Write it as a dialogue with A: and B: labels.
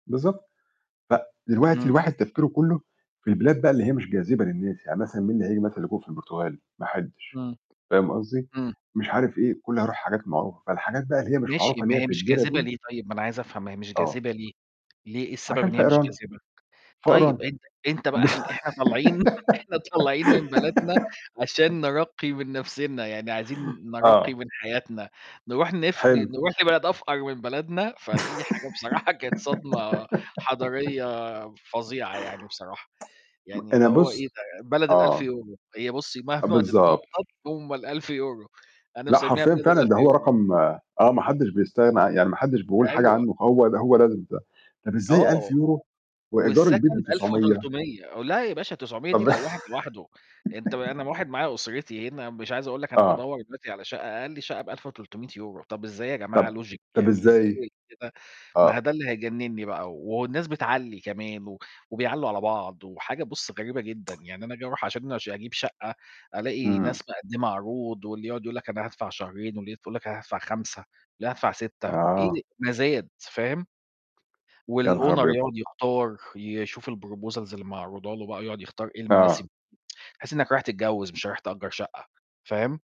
A: بالضبط. فدلوقتي
B: إمم.
A: الواحد تفكيره كُلّه في البلاد بقى اللي هي مش جاذبة للناس. يعني مثلًا مين اللي هييجي مثلًا لجوء في البرتغال؟ ما حدّش.
B: إمم.
A: فاهم قصدي؟
B: إمم.
A: مش عارف إيه، كُلّه هيروح الحاجات المعروفة، فالحاجات بقى اللي هي مش
B: ماشي،
A: معروفة اللي
B: ما
A: هي
B: هي
A: في
B: مش
A: الدِرا
B: جاذبة
A: دي
B: ليه طيب؟ ما أنا عايز أفهم، ما هي مش
A: آه.
B: جاذبة ليه؟ ليه؟ إيه السبب
A: عشان
B: إن هي مش
A: فقرانة.
B: جاذبة؟
A: فقرانة.
B: طيب، أنت أنت بقى إحنا إحنا طالعين إحنا طالعين من بلدنا عشان نرقّي من نَفْسنا، يعني عايزين نرقّي
A: آه.
B: من حياتنا، نروح نف ن
A: حلو.
B: نروح لبلد أفقَر من بلدنا، فدي حاجة بصراحة كانت صدمة حَضاريّة فظيعة يعني بصراحة. يعني
A: أنا
B: اللي هو إيه
A: بُص
B: ده؟ بلد الألف
A: آه.
B: يورو. هي بُص مهما
A: بالضبط.
B: تتنطَّط هم ال1000€ أنا
A: لأ،
B: مسمّيها
A: حرفيًا
B: بلد
A: فعلًا
B: الألف
A: ده هو
B: يورو.
A: رقم آه، ما حدّش بيستغنى ع يعني ما حدّش بيقول حاجة
B: أيوه.
A: عنّه، هو د هو لازم ده. طَب إزاي ألف
B: آه.
A: يورو وإيجار
B: والسكن
A: البيت
B: بألف
A: ب900؟
B: وتلتمية لأ، يا باشا 900 دي
A: طَب
B: لو واحد لوحده، أنت م أنا واحد معايا أسرتي هنا، مش عايز أقول لك أنا
A: آه.
B: بادوّر دلوقتي على شَقّة، أقَل شَقّة ب1300€، طَب إزاي يا جماعة
A: طَب
B: logic؟
A: طَب
B: يعني
A: إزاي؟
B: إزاي كده؟ ما
A: آه.
B: هو ده اللي هيجنّني بقى. والناس بتعلّي كمان و وبيعلّوا على بعض، وحاجة بُص غريبة جدًا. يعني أنا آجي أروح عشان أش أجيب شَقّة، ألاقي
A: إمم.
B: ناس مقدّمة عروض، واللي يقعُد يقول لك: "أنا هادفع شهرين." واللي تقول لك: "أنا هادفع 5، لأ هادفع 6" إيه
A: آه.
B: ده مَزاد، فاهم،
A: يا نهار
B: والowner
A: أبيض!
B: يقعُد يختار، يشوف الproposals اللي معروضه له بقى يقعُد يختار إيه
A: آه.
B: المناسب. تحس إنّك رايح تتجوِّز، مش رايح تأجّر شَقّة، فاهم؟